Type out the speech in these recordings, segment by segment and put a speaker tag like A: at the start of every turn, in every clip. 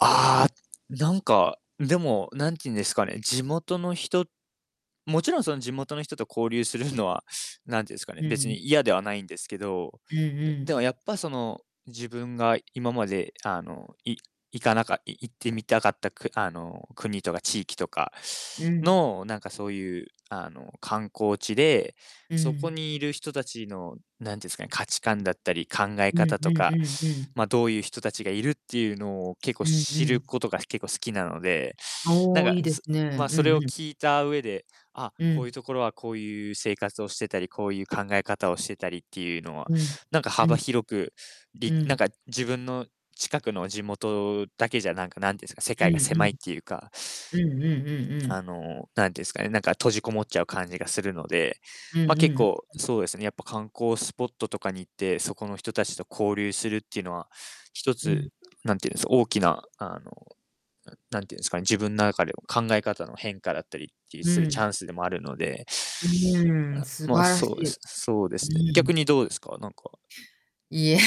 A: ああ、なんか、でも、なんていうんですかね、地元の人もちろんその地元の人と交流するのは、なんて言うんすかね、
B: う
A: 別
B: ん。
A: に嫌ではないんですけど、
B: うんう
A: でで
B: ん。
A: もやっぱその、自分が今まであの、い行かなかっい行ってみたかったくあの、国とか地域とか
B: うん。
A: の、なんかそういう、あの観光地で、
B: う
A: そこ
B: ん。
A: にいる人たちの、なんていうんですかね、価値観だったり考え
B: うんう
A: 方と
B: んう
A: か、
B: んうん。
A: ま、どういう人たちがいるっていうのを結構
B: うんう
A: 知る
B: ん。
A: ことが結構好きなので、な
B: お
A: ん
B: お、
A: か、
B: いいで
A: す
B: すね。
A: ま、
B: う
A: そ
B: ん
A: れを
B: うん。
A: 聞いた上で、あ、
B: う
A: こう
B: ん。
A: いうところはこういう生活をしてたり、こういう考え方をしてたりっていうのは、
B: うん、
A: なんか
B: う
A: 幅
B: ん。
A: 広く、
B: う
A: りなん
B: ん。
A: か自分の近くの地元だけじゃなんか、なんていうんですか、世
B: う
A: 界
B: ん
A: が
B: う
A: 狭
B: ん。
A: いっていうか
B: うんうんうんうん。
A: あの、なんていうんですかね、なんか閉じこもっちゃう感じがするので、
B: うんう
A: ま、
B: ん
A: 結
B: う
A: 構
B: ん。
A: そうですね、やっぱ観光スポットとかに行って、そこの人たちと交流するっていうのは、一
B: うん。
A: つ、なんていうんです、大きなあの、なんていうんですかね、自分の中で考え方の変化だったりっていう
B: う
A: するチャ
B: ん。
A: ンスでもあるので
B: うーん、
A: あ、
B: 素
A: ま、
B: 晴ら
A: そう
B: し
A: で
B: い。
A: す、そうで
B: う
A: すね。逆
B: ん。
A: にどうですか？なんか
B: いや、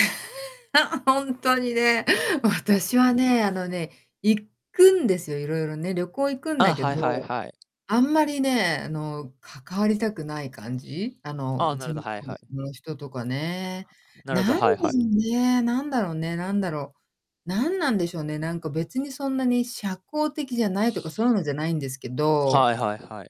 B: ほんとにね。私はね、あのね、行くんですよ、いろいろね、旅行行くん
A: あ
B: だ
A: あ、
B: け
A: はいはい
B: ど、
A: はい。
B: あんまりね、あの、関わりたくない感じ、あの、
A: あ、な
B: 地
A: るほど、
B: 元
A: はいはい。
B: の人とかね。
A: なるほ
B: な
A: ど、
B: ん
A: はい
B: で
A: はい。
B: しょうね、何だろうね、何だろう。何なんでしょうね、なんか別にそんなに社交的じゃないとか、そういうのじゃないんですけど。
A: はいはいはい。